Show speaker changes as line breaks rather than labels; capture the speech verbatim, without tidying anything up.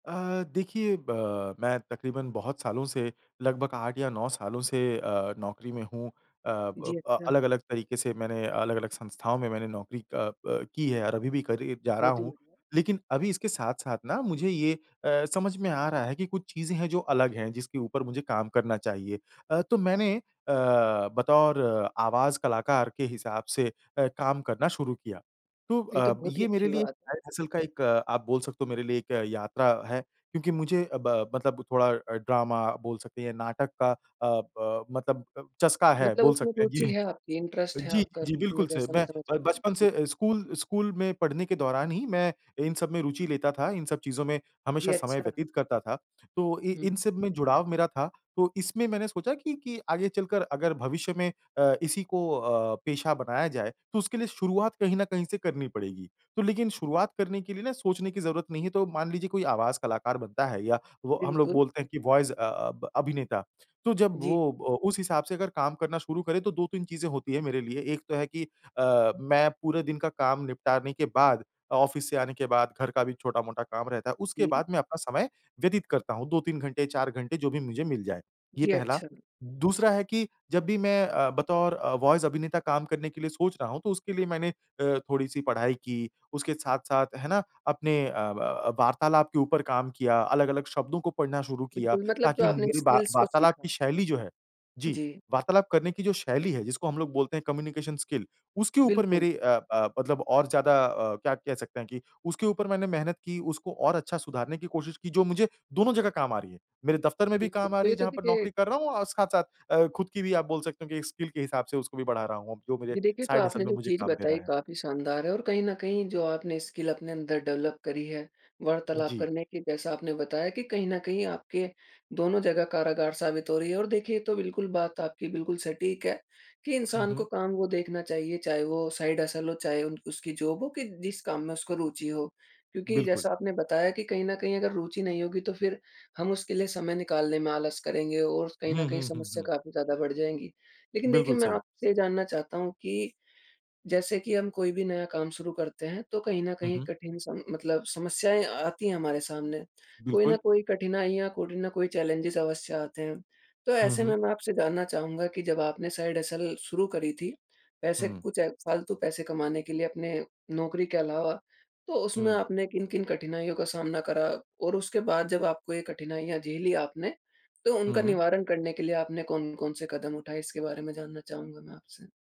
अ, देखिए ब मैं तक़रीबन बहुत सालों से लगभग आठ या नौ सालों से अ, नौकरी में हूँ। अ,
जी,
ब
अच्छा।
अलग-अलग तरीके से मैंने अलग-अलग संस्थाओं में मैंने नौकरी अ, ब की है और अभी भी करे जा रहा
बहुत ही
हूँ, लेकिन अभी इसके साथ-साथ ना मुझे ये अ, समझ में आ रहा है कि कुछ चीज़ें हैं, जो अलग हैं, जिसके ऊपर मुझे काम करना चाहिए। अ, तो मैंने अ, बतौर आवाज़ कलाकार के हिसाब से अ, काम करना शुरू किया, तो
ये तो
अ,
बहुत ही
ये मेरे
अच्छी
लिए
बात
एक
है।
साइड हसल का एक, आप बोल सकते हो, मेरे लिए एक यात्रा है। क्योंकि मुझे ब अ, मतलब थोड़ा ड्रामा बोल सकते हैं, नाटक का अ, ब मतलब चस्का है
मतलब
बोल
उसमें
सकते हैं।
रुचि
ये
है आपकी, इंटरेस्ट है
जी,
आपका
जी,
जैसा कि मैं
बिल्कुल सही,
जैसा समझ
ब
पा रहा
बचपन
हूँ।
से स्कूल, स्कूल में पढ़ने के दौरान ही मैं इन सब में रुचि लेता था, इन सब चीज़ों में
जी,
हमेशा समय
अच्छा।
व्यतीत करता था, तो इ इन
हुँ।
सब में जुड़ाव मेरा था तो इसमें मैंने सोचा कि, कि आगे चलकर अगर भविष्य में अ, इसी को अ, पेशा बनाया जाए तो उसके लिए शुरुआत कहीं न कहीं से करनी पड़ेगी। तो लेकिन शुरुआत करने के लिए ना सोचने की ज़रूरत नहीं है, तो मान लीजिए कोई आवाज़ कलाकार बनता है या वो हम लोग
बिल्कुल।
बोलते हैं कि वॉइस अ, ब अभिनेता तो जब
जी।
वो उस हिसाब से अगर काम करना शुरू करें तो दो तीन चीज़ें होती हैं मेरे लिए, एक तो है कि अ, मैं पूरे दिन का काम निपटाने के बाद ऑफ़िस से आने के बाद घर का भी छोटा-मोटा काम रहता है उसके
जी।
बाद मैं अपना समय व्यतीत करता हूँ। दो तीन घंटे, चार घंटे जो भी मुझे मिल जाए। ये
जी,
पहला,
अच्छा।
दूसरा है कि जब भी मैं अ, बतौर अ, वॉइस अभिनेता काम करने के लिए सोच रहा हूँ तो उसके लिए मैंने अ, थोड़ी-सी पढ़ाई की, उसके साथ-साथ है ना अपने अ, ब वार्तालाप के ऊपर काम किया, अलग-अलग शब्दों को पढ़ना शुरू किया
बिल्कुल मतलब जो
ताकि
आपने
मेरी वा
स्किल्स को
वार्तालाप की
सीखा।
शैली जो है जी,
जी।
वार्तालाप करने की जो शैली है जिसको हम लोग बोलते हैं कम्युनिकेशन स्किल उसके ऊपर
बिल्कुल।
मेरी अ अ, मतलब और ज़्यादा अ, क्या कह सकते हैं कि उसके ऊपर मैंने मेहनत की, उसको और अच्छा सुधारने की कोशिश की जो मुझे दोनों जगह काम आ रही है। मेरे दफ़्तर में भी
बिल्कुल
काम आ
तो
रही
ये
है
तो
जहाँ पर
देखिए
नौकरी कर रहा हूँ और साथ-साथ अ, ख़ुद की भी आप बोल सकते हो कि स्किल के हिसाब से उसको भी बढ़ा रहा हूँ, जो मेरे
जी, देखिए तो
साइड हसल
आपने
में
जो
मुझे
चीज़
काम दे
बताई
रहा है।
काफ़ी शानदार है और कहीं न कहीं जो आपने स्किल अपने अंदर डेवलप करी है,
उ,
वार्तालाप
जी।
करने की, जैसा आपने बताया कि कहीं न कहीं आपके दोनों जगह कारागार साबित हो रही है और देखिए ये तो बिल्कुल बात, आपकी बिल्कुल सटीक है, कि
हुँ,
इंसान को
हुँ।
काम वो देखना चाहिए चाहे वो साइड हसल हो, चाहे उन उसकी जॉब हो कि जिस काम में उसको रुचि हो। क्योंकि
बिल्कुल।
जैसा आपने बताया कि कहीं न कहीं अगर रुचि नहीं होगी तो फिर हम उसके लिए समय निकालने में आलस करेंगे और कहीं न
हुँ,
कहीं
हुँ, हुँ,
समस्या
हुँ।
काफ़ी ज़्यादा बढ़ जाएँगी। लेकिन देखिए
बिल्कुल
मैं
सही।
आपसे ये जानना चाहता हूँ कि जैसे कि हम कोई भी नया काम शुरू करते हैं तो कहीं न
हुँ,
कहीं
हुँ।
कठिन सम मतलब समस्याएँ आती हैं हमारे सामने, कोई
बिल्कुल।
न कोई कठिनाइयाँ, कोई न कोई चैलेंजेस अवश्य आते हैं। तो
हुँ,
ऐसे
हुँ।
में मैं आपसे जानना चाहूँगा कि जब आपने साइड हसल शुरू करी थी पैसे
हुँ।
कुछ फ़ालतू पैसे कमाने के लिए अपने नौकरी के अलावा, तो उसमें
हुँ।
आपने किन-किन कठिनाइयों का सामना करा और उसके बाद जब आपको ये कठिनाइयाँ झेली आपने तो उनका
हुँ।
निवारण करने के लिए आपने कौन-कौन से कदम उठाए? इसके बारे में जानना चाहूँगा मैं आपसे।